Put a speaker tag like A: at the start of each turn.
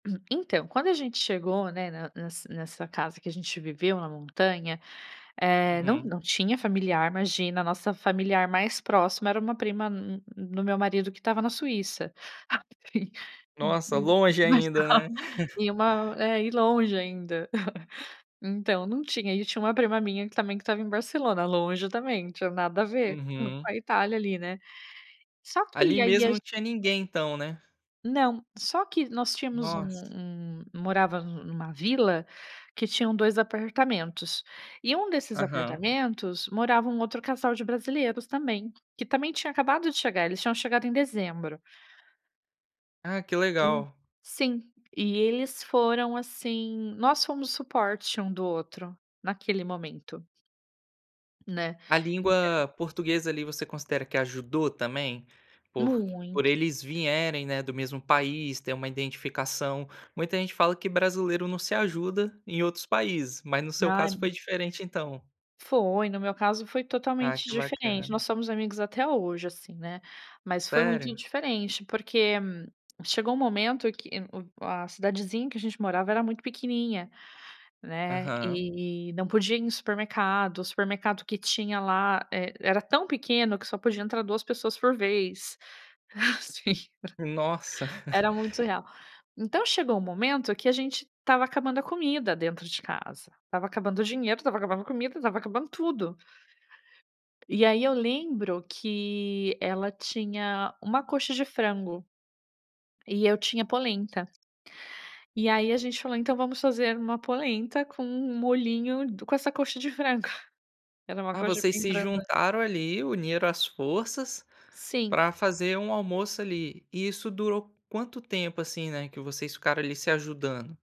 A: Então, quando a gente chegou, né, ne ne nessa casa que a gente viveu na montanha, eh, não
B: Uhum.
A: não tinha familiar, imagina, a nossa familiar mais próxima era uma prima m m m do meu marido que estava na Suíça. Aí e e
B: Nossa,
A: e um,
B: longe ainda,
A: [unintelligible]
B: né.
A: e uma é, e longe ainda. Então, não tinha. E tinha uma prima minha que, também, que estava em Barcelona, longe também, não tinha nada a ver, hum,
B: Uhum.
A: com a Itália ali, né. Só
B: Ali
A: que, aí e
B: mesmo, não tinha ninguém então, né.
A: Não. Só que nós tínhamos um
B: Nossa!
A: um morava um numa vila, que tinham 2 apartamentos. E um desses
B: Aham.
A: apartamentos, morava um outro casal de brasileiros também, que também tinha acabado de chegar. Eles tinham chegado em dezembro.
B: Ah, que
A: E,
B: legal.
A: sim. E eles foram, assim nós fomos suporte um do outro, naquele momento. Né.
B: A
A: Ent
B: língua portuguesa, ali, você considera que ajudou também? Por por
A: Muito!
B: eles vierem, né, do mesmo país, ter uma identificação. Muita gente fala que brasileiro não se ajuda em outros países, mas no seu caso foi
A: [unintelligible]
B: diferente, então.
A: Foi, no meu caso foi
B: Ah,
A: totalmente
B: que
A: diferente.
B: bacana.
A: Nós somos amigos até hoje, assim, né. Mas, foi muito
B: Sério?
A: diferente porque, chegou um momento que um o a cidadezinha em que a gente morava era muito pequenininha, né,
B: Aham.
A: e não podia ir em supermercado, o supermercado que tinha lá e era tão pequeno que só podia entrar 2 pessoas por vez.
B: Nossa!
A: [unintelligible] Era muito surreal. Então, chegou um momento que a gente estava acabando a comida dentro de casa. Estava acabando o dinheiro, estava acabando a comida, estava acabando tudo. E aí, eu lembro que ela tinha uma coxa de frango e eu tinha polenta. E aí, a gente falou: "Então vamos fazer uma polenta com um molhinho do com essa coxa de frango". Era uma
B: Ah,
A: coxa
B: vocês
A: bem
B: se
A: branda.
B: juntaram ali, uniram as forças,
A: Sim.
B: pra fazer um almoço, ali. E isso durou quanto tempo, assim, né, que vocês ficaram ali se ajudando?